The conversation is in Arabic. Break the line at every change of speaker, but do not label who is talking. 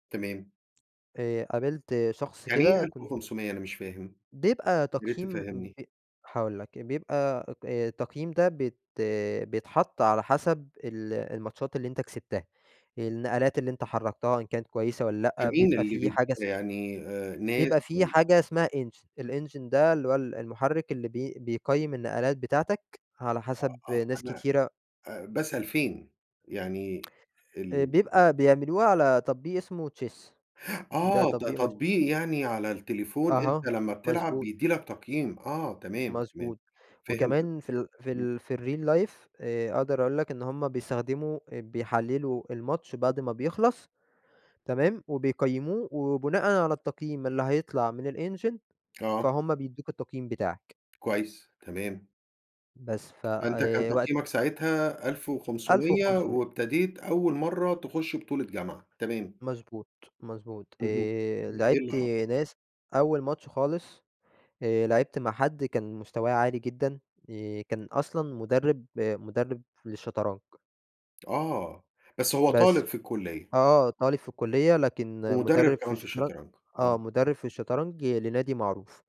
تمام.
آآ، قابلت شخص
يعني إيه
كده
ألف
كنت
وخمسمِيّة؟ أنا مش فاهم،
بيبقى
ياريت
تقييم
تفهمني.
ب هاقول لك بيبقى اك آآ تقييم ده بيت بيتحط على حسب ال الماتشات اللي أنت كسبتها، النقلات اللي أنت حركتها إن كانت كويسة والّا
ده
لأ
مين
بيبقى
اللي
في حاجة
بيديها
اسمها
ده يعني آآ، ناس
بيبقى في
والَّا؟
حاجة اسمها Engine الEngine ده اللي هو ال المحرك اللي بي بيقيم النقلات بتاعتك على حسب
آه، آه،
ناس
أنا
كتيرة
آآ، باسأل فين يعني
آآ
ال
بيبقى بيعملوها على تطبيق اسمه Chess ده
آه، ده
تطبيق مش
تطبيق يعني على التليفون أنت
أها،
لمّا بتلعب
مضبوط.
بيدي لك تقييم، آه، تمام، تمام
مضبوط
فهمتك،
وكمان في ال في
امم.
ال في الReal Life آآ، أقدر أقول لك إن هم بيستخدموا اب بيحللوا الماتش بعد ما بيخلص تمام، وبيقيموه وبناءً على التقييم اللي هيطلع من الEngine
آه.
فهُم بيدوا لك التقييم بتاعك.
كويس، تمام.
بس
فأنت كان
فوقت
تقييمك ساعتها ألف
ألف
وخسمِيّة
وخمسومية.
وابتديت أول مرّه تخش بطولة جامعة، تمام.
مضبوط، مضبوط،
اهم،
آآ،
ده إيه اللي
لاعبت
حصل؟
ناس أول ماتش خالص آآ، لاعبت مع حد كان مستواه عالي جدًا آآ، كان أصلًا مدرب مدرب للشطرنج.
آه بس هو
بس،
طالب في الكلية؟
آه طالب في الكلية، لكن
ومدرِّب
مدرب في
كمان في
الشطرنج
الشطرنج،
آه،
آه.
مدرب في الشطرنج لنادي معروف.